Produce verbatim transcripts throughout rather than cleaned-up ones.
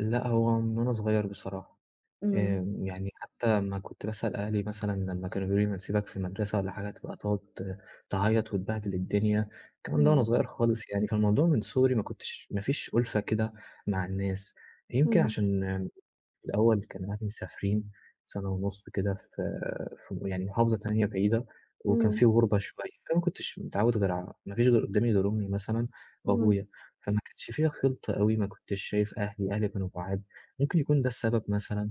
لأ هو من وأنا صغيّر بصراحة، إمم. آآ يعني حتّى لمّا كنت بأسأل أهلي مثلًا لمّا كانوا بيقولوا لي بنسيبك في المدرسة والّا حاجة تبقى تقعد تعيّط وتبهدل الدنيا، الكلام ده وأنا إمم. صغيّر خالص يعني، فالموضوع من صغري ما كنتش ما فيش أُلفة كده مع الناس، يمكن إمم. عشان الأول كان أهلي مسافرين سَنة ونُص كده في في م يعني محافظة تانية بعيدة، وكان إمم. في غربة شوية، فما كنتش متعوّد غير ع ما فيش قدّامي غير أمي مثلًا إمم. وأبويا، فما كانش فيها خلطة أوي ما كنتش شايف أهلي، أهلي كانوا بعاد، ممكن يكون ده السبب مثلًا،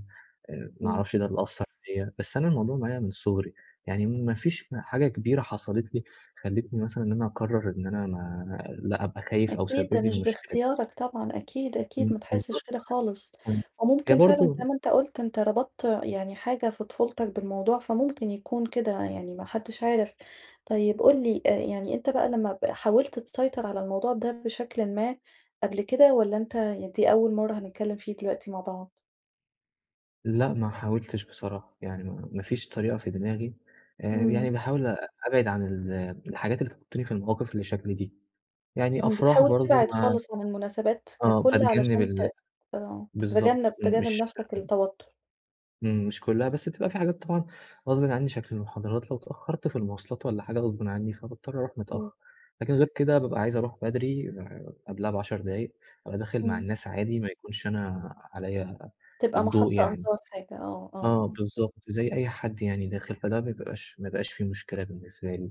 آآ ما إمم. أعرفش ده اللي أثّر فيّا، بس أنا الموضوع معايا من صغري، يعني ما فيش حاجة كبيرة حصلت لي، خلّتني مثلًا إن أنا أقرّر إن أنا ما لأ أبقى خايف أو أكيد ده سبِّب لي مش المشكلة دي. باختيارك طبعًا، أكيد، أكيد، إمم، ما تحسّش بالضبط، كده خالص، امم، هي وممكن فعلًا زي برضه ما أنت قُلت أنت ربطت يعني حاجة في طفولتك بالموضوع فممكن يكون كده، يعني ما حدش عارف، طيب قُل لي يعني أنت بقى لمّا ب حاولت تسيطر على الموضوع ده بشكلٍ ما قبل كده، والّا أنت يعني دي أول مَرّة هنتكلّم فيه دلوقتي مع بعض؟ لأ ما حاولتش بصراحة، يعني ما ما فيش طريقة في دماغي، آآ إمم. يعني باحاول أ أبعد عن ال الحاجات اللي تحطّني في المواقف اللي شكل دي، يعني امم، أفراح بتحاول برضه تبعد ما خالص عن المناسبات آه، ككلّ، باتجنّب علشان ت ال آه، بالضبط، تتجنب تجنّب مش نفْسك آمم التوتُّر. إمم، مش كلّها بس تبقى في حاجات طبعًا غصبٍ عني شكل المحاضرات لو اتأخّرت في المواصلات والًا حاجة غصبٍ عني فباضطر أروح إمم. متأخّر، لكن غير كده بابقى عايز أروح بدري قبلها بعشر دقايق، أبقى داخل مع إمم. الناس عادي ما يكونش أنا عليَّ تبقى الضوء محط يعني، أنظار حاجة، آه، آه، آه آه. بالضبط، زي أي حد يعني داخل، فده ما يبقاش ما يبقاش في مشكلة بالنسبة لي،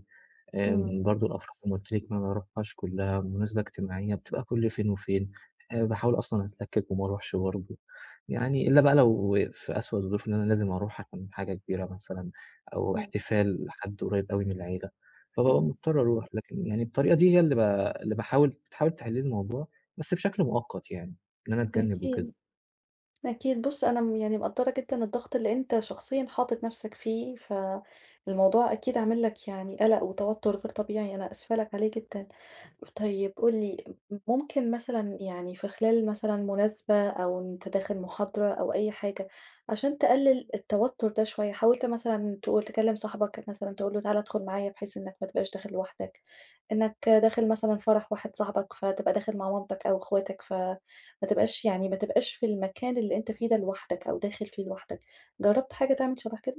إمم. آمم برضه الأفراح زي قُلت لك ما باروحهاش كلّها، لو مناسبة اجتماعية بتبقى كلّ فين وفين، باحاول أصلًا أتلكّك وما أروحش برضه، يعني إلا بقى لو في أسوأ الظروف إن أنا لازم أروح عشان حاجة كبيرة مثلًا، أو إمم. احتفال لحد قريّب أوي من العيلة، فبابقى إمم. مضطر أروح، لكن يعني الطريقة دي هي اللي ب اللي باحاول تحاول تحل لي الموضوع، بس بشكل مؤقت يعني، إن أنا أتجنّب أكيد، وكده. أكيد، بُصّ أنا م يعني مقدّرة جدًا الضغط اللي أنت شخصيًا حاطط نفْسَك فيه، ف الموضوع أكيد عامل لك يعني قلق وتوتُّر غير طبيعي أنا آسفة لك عليه جدًا، طيب قُل لي، م ممكن مثلًا يعني في خلال مثلًا مناسبة أو وأنت داخل محاضرة أو أي حاجة، عشان تقلل التوتُّر ده شوية حاولت مثلًا تقول تكلّم صاحبك مثلًا تقول له تعالَ ادخل معايا بحيث إنك ما تبقاش داخل لوحدك، إنك داخل مثلًا فرح واحد صاحبك فتبقى داخل مع مامتك أو أخواتك ف ما تبقاش يعني ما تبقاش في المكان اللي أنت فيه ده لوحدك، أو داخل فيه لوحدك، جرّبت حاجة تعمل شبه كده؟